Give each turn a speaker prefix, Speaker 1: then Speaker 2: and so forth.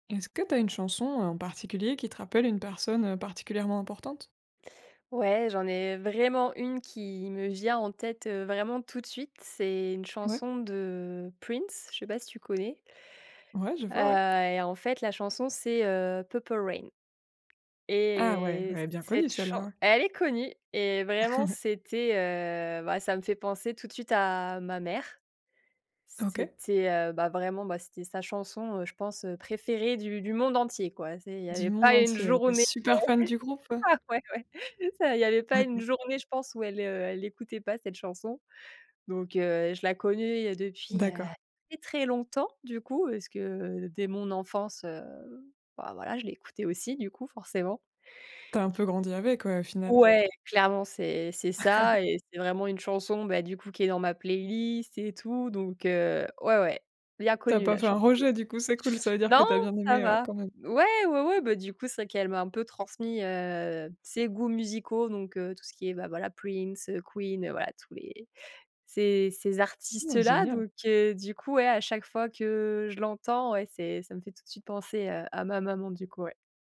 Speaker 1: Est-ce que tu as une chanson, en particulier, qui te rappelle une personne, heu, particulièrement importante?
Speaker 2: Ouais, j'en ai vraiment une qui me vient en tête, heu, vraiment, tout de suite, c'est une
Speaker 1: Ouais.
Speaker 2: chanson de Prince. Je sais pas si tu connais?
Speaker 1: Ouais, je
Speaker 2: Heu,
Speaker 1: vois, ouais.
Speaker 2: et en fait, la chanson, c'est, heu, Purple Rain,
Speaker 1: Ah ouais,
Speaker 2: et
Speaker 1: elle est bien connue,
Speaker 2: cette
Speaker 1: celle-là,
Speaker 2: chan
Speaker 1: ouais.
Speaker 2: elle est connue, et vraiment, c'était, heu, bah, ça me fait penser tout de suite à ma mère.
Speaker 1: OK.
Speaker 2: C'était, heu, bah, vraiment bah c'était sa chanson, heu, je pense, heu, préférée du du monde entier quoi c'est il y
Speaker 1: Du
Speaker 2: avait
Speaker 1: monde
Speaker 2: pas une
Speaker 1: entier, elle était
Speaker 2: journée
Speaker 1: super fan du groupe?
Speaker 2: ah ouais ouais ça il y avait pas une
Speaker 1: OK.
Speaker 2: journée, je pense, où elle, heu, elle écoutait pas cette chanson, donc heu, je la connais depuis, heu,
Speaker 1: D'accord.
Speaker 2: très, très longtemps du coup, parce que dès mon enfance, heu, bah voilà je l'ai écouté aussi du coup forcément.
Speaker 1: Tu as un peu grandi, avec quoi, au final?
Speaker 2: Ouais clairement c'est c'est ça et c'est vraiment une chanson bah du coup qui est dans ma playlist et tout donc heu, ouais, ouais, bien
Speaker 1: Tu as
Speaker 2: connue
Speaker 1: pas
Speaker 2: la
Speaker 1: fait un
Speaker 2: chanson.
Speaker 1: rejet, du coup? C'est cool, ça veut dire que
Speaker 2: Non,
Speaker 1: tu as bien
Speaker 2: ça
Speaker 1: aimé, heu,
Speaker 2: va.
Speaker 1: quand même?
Speaker 2: Ouais, ouais, ouais, beh du coup, c'est qu'elle m'a un peu transmis, heu, ses goûts musicaux, donc heu, tout ce qui est ben voilà Prince, heu, Queen, voilà tous les ces ces artistes
Speaker 1: Mmh,
Speaker 2: là,
Speaker 1: génial.
Speaker 2: donc heu, du coup, ouais à chaque fois que je l'entends, ouais, c'est ça me fait tout de suite penser, heu, à ma maman du coup, ouais.